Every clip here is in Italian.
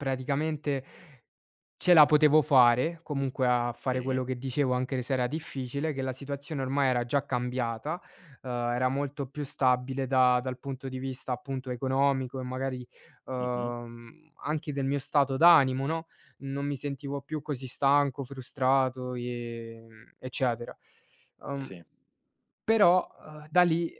Praticamente ce la potevo fare, comunque, a fare Sì. quello che dicevo anche se era difficile, che la situazione ormai era già cambiata, ehm, era molto più stabile da dal punto di vista, appunto, economico e, magari, Mh-mh. ehm, anche del mio stato d'animo, no? Non mi sentivo più così stanco, frustrato e, mhmm, eccetera. Ehm, Sì. però, ehm, da lì,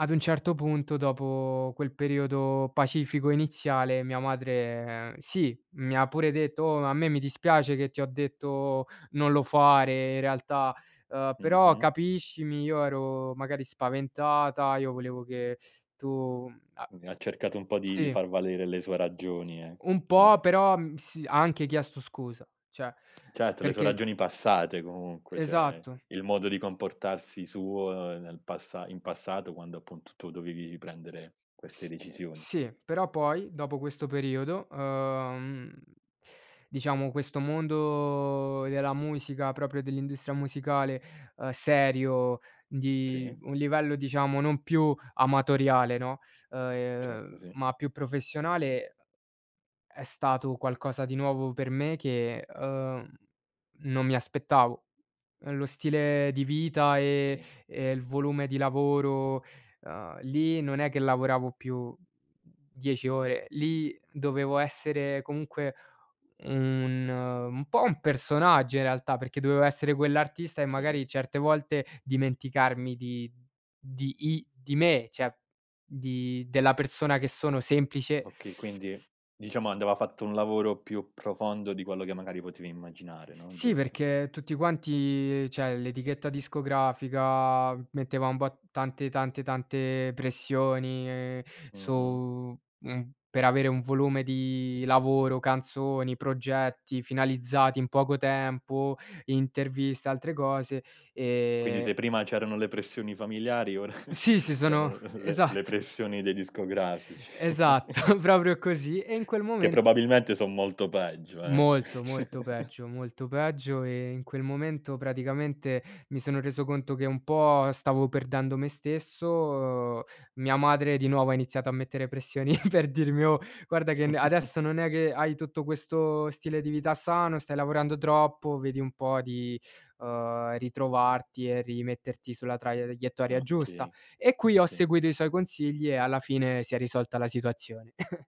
ad un certo punto, dopo quel periodo pacifico iniziale, mia madre, ehm, sì, mi ha pure detto: "Oh, a me mi dispiace che ti ho detto non lo fare, in realtà, ehm, però Mh-mh. capiscimi, io ero magari spaventata, io volevo che tu a" Mh, e ha f cercato un po' di di sì. far valere le sue ragioni, eh, Un no? po', però, mhmm, s ha anche chiesto scusa, cioè Certo, le sue perché ragioni passate comunque, cioè Esatto. il modo di comportarsi suo nel passa in passato quando, appunto, tu dovevi riprendere queste S decisioni. sì, però, poi, dopo questo periodo, ehm, diciamo, questo mondo della musica, proprio dell'industria musicale, ehm, serio, di Sì? un livello, diciamo, non più amatoriale, no, Certo, ehm, sì. ma più professionale, è stato qualcosa di nuovo per me che, ehm, non mi aspettavo. Lo stile di vita e Oka e il volume di lavoro, ehm, lì non è che lavoravo più 10 ore, lì dovevo essere comunque, mhmm, un po' un personaggio in realtà, perché dovevo essere quell'artista e Sì? magari certe volte dimenticarmi di di i di me, cioè di della persona che sono semplice Okay, quindi, diciamo, andava fatto un lavoro più profondo di quello che magari potevi immaginare, no, Sì, giusto? perché tutti quanti cioè l'etichetta discografica, metteva un bo tante, tante, tante pressioni Mh-mh. su mhmm, per avere un volume di lavoro, canzoni, progetti finalizzati in poco tempo, interviste e altre cose Quindi, e se prima c'erano le pressioni familiari, ora Sì, sì, sono c'erano le le esat pressioni dei discografici. Esatto, proprio così. E in quel Che momen probabilmente son molto peggio, eh! Molto, molto peggio, molto peggio. E, in quel momento, praticamente, mi sono reso conto che un po' stavo perdendo me stesso. Mia madre di nuovo ha iniziato a mettere pressioni per dirmi: "Oh, guarda, che n adesso non è che hai tutto questo stile di vita sano, stai lavorando troppo, vedi un po' di, ehm, ritrovarti e rimetterti sulla traiettoria giusta!" Okay, E qui ho sì. seguito i suoi consigli e alla fine si è risolta la situazione.